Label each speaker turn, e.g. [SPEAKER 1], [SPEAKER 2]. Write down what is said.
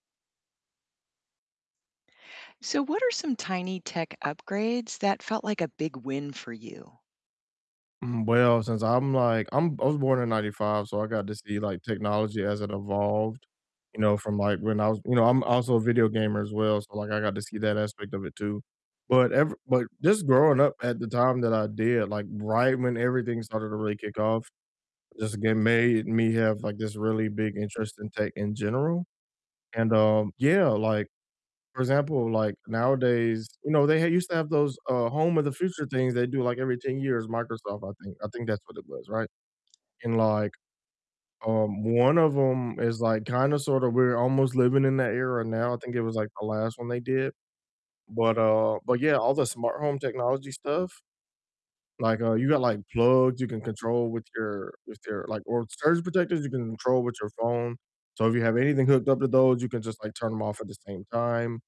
[SPEAKER 1] So, what are some tiny tech upgrades that felt like a big win for you?
[SPEAKER 2] Mhm, well, since I'm, like, I'm I was born in '95, so I got to see, like, technology as it evolved, you know, from, like, when I was you know, I'm also a video gamer as well, so, like, I got to see that aspect of it too, but ev but just growing up at the time that I did, like, right when everything started to really kick off, just again made me have, like, this really big interest in tech in general, and, um Yeah, like, for example, like, nowadays, you know, they had used to have those, uh, home of the future things they do like every 10 years, Microsoft, I think I think that's what it was, right? And like, um, one of 'em is, like, kinda sort of we're almost living in that era now; I think it was, like, the last one they did, but, uh but yeah, all the smart home technology stuff, like, uh, you got, like, plugs you can control with your with your, like or surge protectors you can control with your phone, so if you have anything hooked up to those, you can just, like, turn 'em off at the same time.